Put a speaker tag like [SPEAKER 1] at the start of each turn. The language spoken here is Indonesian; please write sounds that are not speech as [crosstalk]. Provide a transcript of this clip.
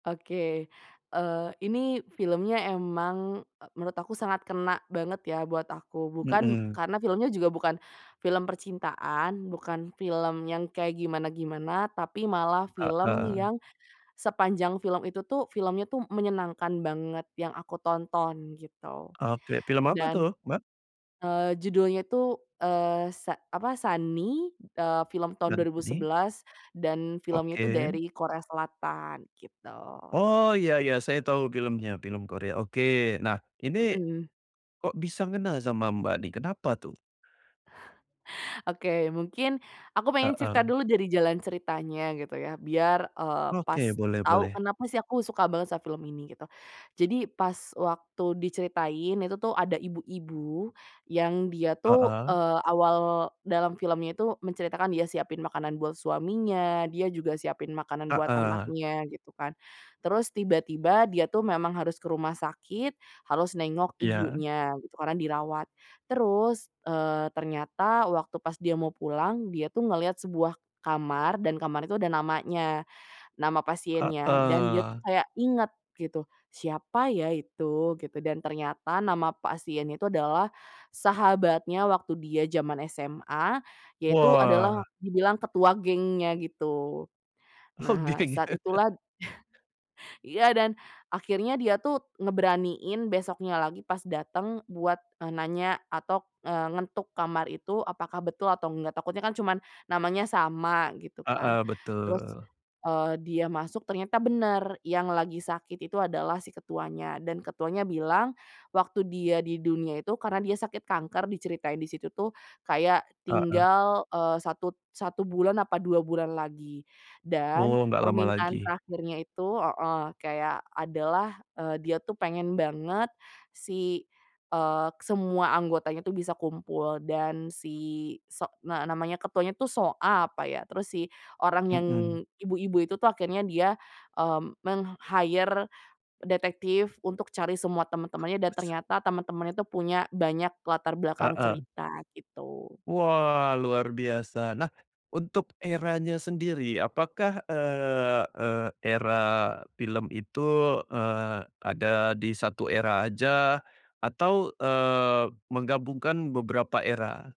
[SPEAKER 1] Oke, eee, ini filmnya emang, e menurut aku sangat kena banget ya buat aku, bukan
[SPEAKER 2] Mhm.
[SPEAKER 1] karena filmnya juga bukan film percintaan, bukan film yang kayak gimana-gimana tapi malah film
[SPEAKER 2] Heeh.
[SPEAKER 1] yang sepanjang film itu tuh filmnya tuh menyenangkan banget yang aku tonton gitu.
[SPEAKER 2] Oke film apa itu,
[SPEAKER 1] Dan,
[SPEAKER 2] Mbak?
[SPEAKER 1] eee, judulnya itu, eee, se apa Sunny, eee, film tahun dua ribu
[SPEAKER 2] Sunny.
[SPEAKER 1] sebelas dan filmnya itu
[SPEAKER 2] Oke.
[SPEAKER 1] dari Korea Selatan, gitu.
[SPEAKER 2] Oh iya iya, saya tahu filmnya film Korea. Oke nah ini,
[SPEAKER 1] Mhm.
[SPEAKER 2] kok bisa ngena sama, Mbak, nih kenapa tuh?
[SPEAKER 1] Oke mungkin aku pengen cerita
[SPEAKER 2] Heeh.
[SPEAKER 1] dulu dari jalan ceritanya gitu ya biar, eee, pas
[SPEAKER 2] Oke, boleh
[SPEAKER 1] tau
[SPEAKER 2] boleh.
[SPEAKER 1] kenapa sih aku suka banget sama film ini gitu. Jadi pas waktu diceritain, itu tuh ada ibu-ibu yang dia tuh,
[SPEAKER 2] Heeh.
[SPEAKER 1] eee, awal dalam filmnya itu menceritakan dia siapin makanan buat suaminya, dia juga siapin makanan buat
[SPEAKER 2] Heeh.
[SPEAKER 1] anaknya, gitu kan. Terus tiba-tiba dia tuh memang harus ke rumah sakit harus nengok
[SPEAKER 2] Iya.
[SPEAKER 1] ibunya gitu karena dirawat. Terus, eee, ternyata waktu pas dia mau pulang dia tuh ngeliat sebuah kamar dan kamar itu ada namanya, nama pasiennya, dan dia tuh
[SPEAKER 2] Heeh.
[SPEAKER 1] kayak inget gitu, "Siapa ya itu?" Gitu. Dan ternyata nama pasiennya itu adalah sahabatnya waktu dia jaman SMA, yaitu
[SPEAKER 2] Wah!
[SPEAKER 1] adalah, dibilang ketua gengnya gitu.
[SPEAKER 2] Oh,
[SPEAKER 1] Nah,
[SPEAKER 2] geng.
[SPEAKER 1] saat itulah
[SPEAKER 2] [chuckles]
[SPEAKER 1] [chuckles] iya dan akhirnya dia tuh ngeberaniin besoknya lagi pas dateng buat, eee, nanya atau eee, ngetuk kamar itu apakah betul atau enggak, takutnya kan cuman namanya sama gitu kan
[SPEAKER 2] Heeh,
[SPEAKER 1] terus,
[SPEAKER 2] betul.
[SPEAKER 1] eee, dia masuk ternyata bener, yang lagi sakit itu adalah si ketuanya, dan ketuanya bilang waktu dia di dunia itu karena dia sakit kanker diceritain di situ tuh kayak
[SPEAKER 2] Heeh.
[SPEAKER 1] tinggal, eee, 1- 1 bulan, apa 2 bulan lagi, dan
[SPEAKER 2] Oh, enggak lama
[SPEAKER 1] permintaan
[SPEAKER 2] lagi.
[SPEAKER 1] terakhirnya itu heeh, kayak adalah, eee, dia tuh pengen banget si, eee, semua anggotanya tuh bisa kumpul dan si so nge namanya ketuanya tuh So Ah, apa ya, terus si orang yang
[SPEAKER 2] Mmm.
[SPEAKER 1] ibu-ibu itu tuh akhirnya dia, eee, meng-hire detektif untuk cari semua teman-temannya dan ternyata temen-temennya itu punya banyak latar belakang
[SPEAKER 2] Heeh.
[SPEAKER 1] cerita gitu.
[SPEAKER 2] Wah luar biasa! Nah, untuk eranya sendiri apakah, eee eee, era film itu, eee, ada di 1 era aja atau, eee, menggabungkan beberapa era?